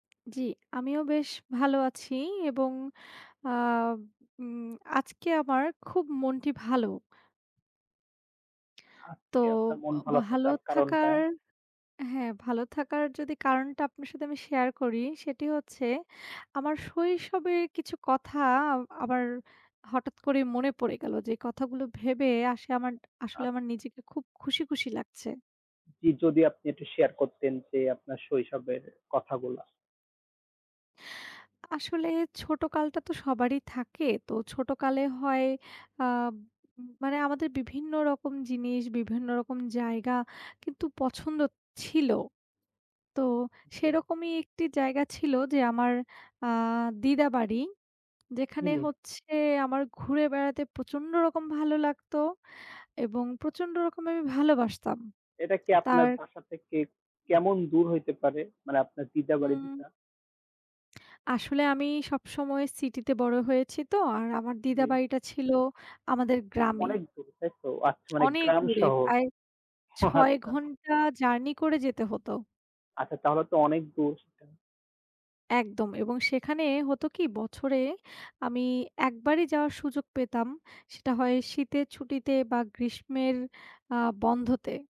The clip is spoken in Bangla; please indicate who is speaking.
Speaker 1: জি, আমিও বেশ ভালো আছি এবং আ উম আজকে আমার খুব মনটি ভালো। তো
Speaker 2: আজকে আপনার মন
Speaker 1: ব
Speaker 2: ভালো
Speaker 1: ভালো
Speaker 2: থাকার কারণটা?
Speaker 1: থাকার হ্যাঁ ভালো থাকার যদি কারণটা আপনার সাথে আমি শেয়ার করি সেটি হচ্ছে, আমার শৈশবে কিছু কথা আবার হঠাৎ করে মনে পড়ে গেল। যে কথাগুলো ভেবে আসে আমার আসলে
Speaker 2: আপ
Speaker 1: আমার নিজেকে খুব খুশি, খুশি লাগছে।
Speaker 2: জী, যদি আপনি একটু শেয়ার করতেন যে আপনার শৈশবের কথাগুলা।
Speaker 1: আসলে ছোটকালটা তো সবারই থাকে, তো ছোটকালে হয় আ মানে আমাদের বিভিন্ন রকম জিনিস বিভিন্ন রকম জায়গা কিন্তু পছন্দ ছিল। তো
Speaker 2: জি।
Speaker 1: সেরকমই একটি জায়গা ছিল যে আমার আ দিদা বাড়ি। যেখানে
Speaker 2: হুম।
Speaker 1: হচ্ছে আমার ঘুরে বেড়াতে প্রচণ্ড রকম ভালো লাগত এবং
Speaker 2: আচ্ছা।
Speaker 1: প্রচণ্ড রকম আমি ভালোবাসতাম।
Speaker 2: এটা কি আপনার
Speaker 1: তার
Speaker 2: বাসা থেকে কেমন দূর হইতে পারে? মানে আপনার দিদা বাড়ি
Speaker 1: উম
Speaker 2: যেটা।
Speaker 1: আসলে আমি সব সময় সিটিতে বড় হয়েছি তো আর আমার দিদা
Speaker 2: জি।
Speaker 1: বাড়িটা ছিল আমাদের গ্রামে।
Speaker 2: অনেক দূর, তাই তো। আচ্ছা মানে
Speaker 1: অনেক
Speaker 2: গ্রাম,
Speaker 1: দূরে
Speaker 2: শহর।
Speaker 1: প্রায়
Speaker 2: ও
Speaker 1: ৬
Speaker 2: আচ্ছা।
Speaker 1: ঘন্টা জার্নি করে যেতে হত।
Speaker 2: আচ্ছা তাহলে তো অনেক দূর সেটা।
Speaker 1: একদম এবং সেখানে হত কি বছরে আমি একবারই যাওয়ার সুযোগ পেতাম সেটা হয় শীতের ছুটিতে বা গ্রীষ্মের আ বন্ধতে।